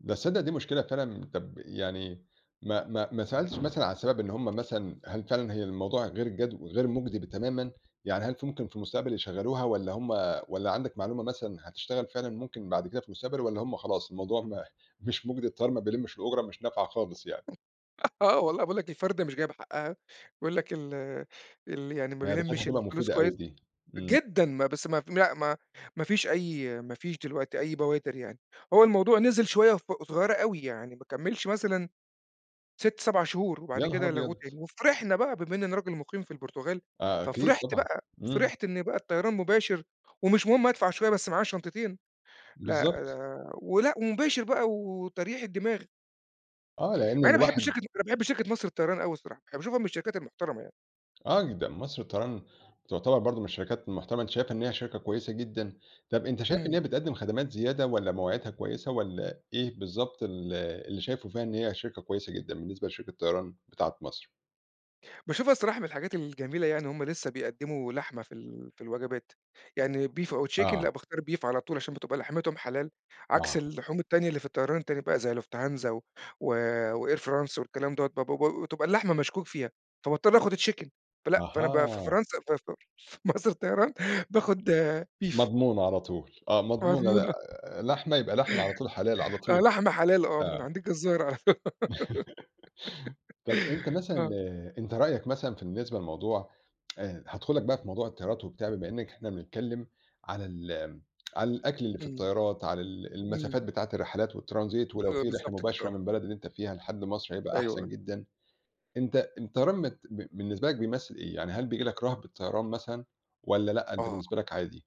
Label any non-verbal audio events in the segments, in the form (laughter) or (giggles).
بس تصدِّق دي مشكلة فعلًا، طب يعني ما ما ما سألتش مثلًا عن السبب، إن هُم مثلًا هل فعلًا هي الموضوع غير جدّ غير مُجدي تمامًا؟ يعني هل في ممكن في المستقبل يشغِّلوها، والّا هُم والّا عندك معلومة مثلًا هتشتغَل فعلًا ممكن بعد كده في المستقبل؟ والّا هُم خلاص الموضوع م مش مُجدي، الطيار ما بيلِّمِش الأجرة، مش نافعة خالص يعني؟ آه، والله باقول لك، الفرَدة مش جايبة حقها، يقول لك ال ال يعني ما ياه! ده كانت بيلِّمش هتبقى الفلوس مفيدة كويِّس أوي دي، إمم. جدًا، م بس م لأ ما ما فيش أي ما فيش دلوقتي أي بوادِر يعني، هو الموضوع نزل شوية صغ صغيرة أوي، يعني ما كملِّش مثلًا 6، 7 شهور وبعد يا نهار كده لغوه أبيض! تاني، وفرحنا بقى، بما إن أنا راجل مُقيم في البرتغال، آه أكيد، ففرِحت طبعًا، بقى، إمم. فرِحت إن بقى الطيران مباشر ومش مهم أدفَع شوية بس معايا الشنطتين، لأ بالضبط. ده ولأ ومباشِر بقى وترييحة دماغ. آه، لإن مع إني باحب الواحد الشركة دي، أنا باحب شركة مصر للطيران أوي الصراحة، أنا باشوفها من الشركات المحترَمة يعني. آه جدًا، مصر للطيران تعتبَر برضه من الشركات المحترَمة، أنتَ شايِفها إن هي شركة كويِّسة جدًا، طب أنتَ شايِف إن هي إمم. بتقدِّم خدمات زيادة، والّا مواعيدها كويِسة، والّا إيه بالضبط ال اللي شايِفه فيها إن هي شركة كويِسة جدًا، بالنسبة لشركة الطيران بتاعة مصر؟ باشوفها الصراحة من الحاجات الجميلة يعني إن هُم لسه بيقدِّموا لحمة في ال في الوجبات، يعني beef أو chicken، لأ آه. باختار beef على طول عشان بتبقى لحمتهُم حلال، عكس آه. اللحوم التانية اللي في الطيران التاني بقى زي Lufthansa و وAir France والكلام دوّة، با ب بتبقى اللحمة مشكوك فيها، فباضطَر آخُد chicken، فلأ فأنا ب في أها. فرنسا في في مصر للطيران باخُد beef. مضمونة على طول، آه، مضمونة لأ، مضمونة. آآ، لحمة يبقى لحمة على طول، حلال على آه، طول، لحمة حلال، آه، من آه. عند الجزار على (chuckles) طب أنتَ (giggles) مثلًا آه. أنتَ رأيك مثلًا، في بالنسبة للموضوع (tsk) آآ هادخُل لك بقى في موضوع الطيارات وبتاع، بما إنك إحنا بنتكلَّم على ال (tsk) على الأكل اللي في إمم. الطيارات، على ال إمم. المسافات بتاعة الرحلات والtransit، ولو آه، في رحلة بالضبط كده، مباشرة آه. من بلد اللي أنتَ فيها لحد مصر هيبقى أيوه، أحسن آه. جدًا. أنتَ الطيران مت ب بالنسبة لك بيمثِّل إيه؟ يعني هل بييجي لك رهبة طيران مثلًا، والّا لأ أنتَ آه، بالنسبة لك عادي؟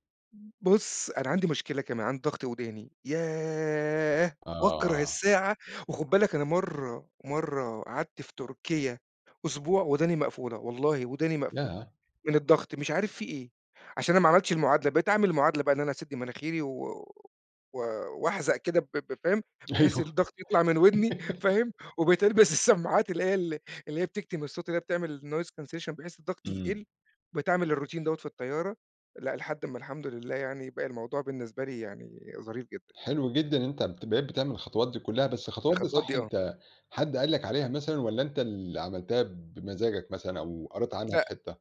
بُص أنا عندي مشكلة كمان، عندي ضغط ودَاني، ياه! باكره آه. الساعة وخُد بالك أنا مرَّة مرَّة قعدت في تركيا أسبوع ودَاني مقفولة، والله ودَاني مقفولة ياه! من الضغط مش عارِف في إيه، عشان أنا ما عمَلتش المعادلة، بقيت أعمَل المعادلة بقى إن أنا أسدّ مناخيري و و وأحزق كده ب ب فاهم؟ بحيث أيوه. (laughs) الضغط يطلَع من ودَني فاهم؟ وبقت ألبس السماعات اللي هي ال اللي هي بتكتم الصوت، اللي هي بتعمل noise cancellation، بحيث الضغط إمم. يقلّ، بقيت أعمل الroutine دوّة في الطيارة لأ لحد ما، الحمد لله يعني، بقى الموضوع بالنسبة لي يعني ظريف جدًا. حلو جدًا إن أنتَ ابت بقيت بتعمل الخطوات دي كلّها، بس الخطوات دي الخطوات صح، دي، آه. أنتَ حد قال لك عليها مثلًا، والّا أنتَ اللي عمَلتها بمزاجك مثلًا أو قرَيت عنها في لأ. حتّة؟